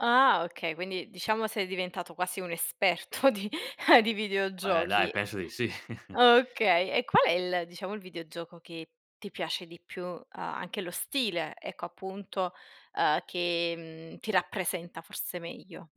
Ah okay, quindi diciamo sei diventato quasi un esperto di di Eh dai, videogiochi. penso di sì. Okay, e qual è il diciamo, il videogioco che ti piace di più? A anche lo stile, ecco appunto, uhm, che, mhmm, ti rappresenta forse meglio.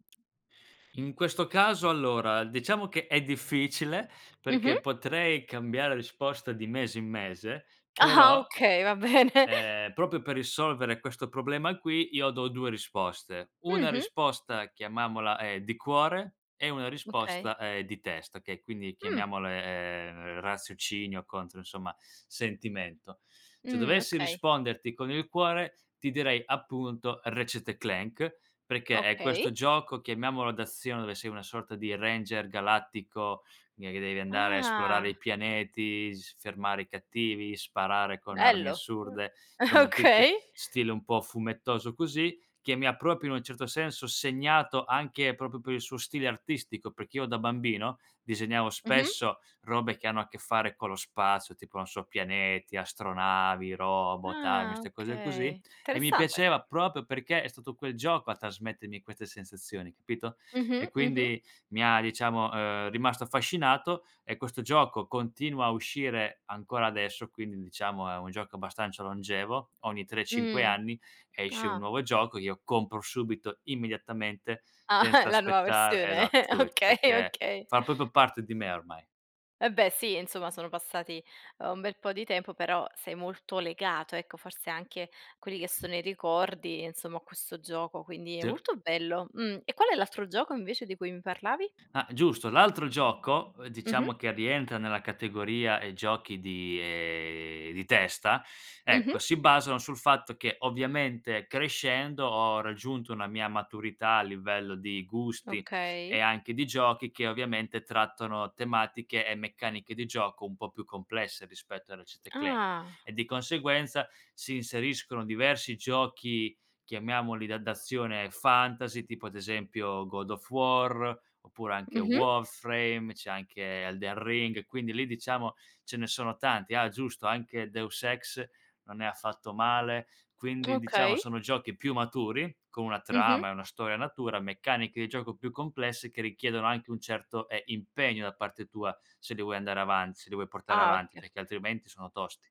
In questo caso, allora, diciamo che è difficile, Mh-mh. perché potrei cambiare risposta di mese in mese, Ah-ah però, okay, va bene. ehm, proprio per risolvere questo problema qui, io do 2 risposte. Una Mh-mh. risposta chiamiamola, ehm, di cuore e una Okay. risposta è di testa, che quindi Mh. chiamiamole, ehm, raziocinio contro, insomma, sentimento. Se Mh, dovessi okay. risponderti con il cuore, ti direi appunto Retchet& Clank, perché è Okay. questo gioco, chiamiamolo d'azione, dove sei una sorta di Ranger Galattico, gne che devi andare a esplorare i Ah. pianeti, s fermare i cattivi, sparare con armi Bello. Mh. assurde, Eh insomma tutte okay. stile un po' fumettoso così, che mi ha proprio in un certo senso segnato anche proprio per il suo stile artistico, perché io da bambino disegnavo Mh-mh. spesso robe che hanno a che fare con lo spazio, tipo, non so, pianeti, astronavi, robot, armi, Ah ste cose così, okay. e mi Interessante. piaceva proprio perché è stato quel gioco a trasmettermi queste sensazioni, capito? Mh-mh, E mh-mh. quindi mi ha diciamo, uhm, rimasto affascinato. E questo gioco continua a uscire ancora adesso, quindi diciamo è un gioco abbastanza longevo, ogni 3, 5 Mh. anni, esce un Ah. nuovo gioco e io compro subito, immediatamente, Ah, senza la nuova aspettar versione. esa subito, Okay, perché okay. fa proprio parte di me ormai. Va beh sì, insomma sono passati, uhm, un bel po' di tempo, però sei molto legato, ecco forse anche quelli che sono i ricordi, insomma, a questo gioco, quindi è Sì. molto bello. Mh. E qual è l'altro gioco invece di cui mi parlavi? Ah giusto. L'altro gioco, ehm, Mh-mh. diciamo che rientra nella categoria, ehm, giochi di ehm, di testa, ecco, Mh-mh. si basano sul fatto che ovviamente crescendo ho raggiunto una mia maturità a livello di gusti e Okay. anche di giochi che ovviamente trattano tematiche e meccaniche di gioco un po' più complesse rispetto a Ratchet& Clank. Ah. E di conseguenza si inseriscono diversi giochi chiamiamoli da d'azione fantasy, tipo ad esempio God of War, oppure anche Mh-mh. Warframe, c'è anche Elden Ring, e quindi lì diciamo ce ne sono tanti. Ah giusto, anche Deus Ex non è affatto male, quindi diciamo Okay. sono giochi più maturi, con una Mh-mh. trama e una storia natura, meccaniche di gioco più complesse, che richiedono anche un certo, ehm, impegno da parte tua se lì vuoi andare avan se li vuoi portare Ah, avanti, okay. perché altrimenti sono tosti.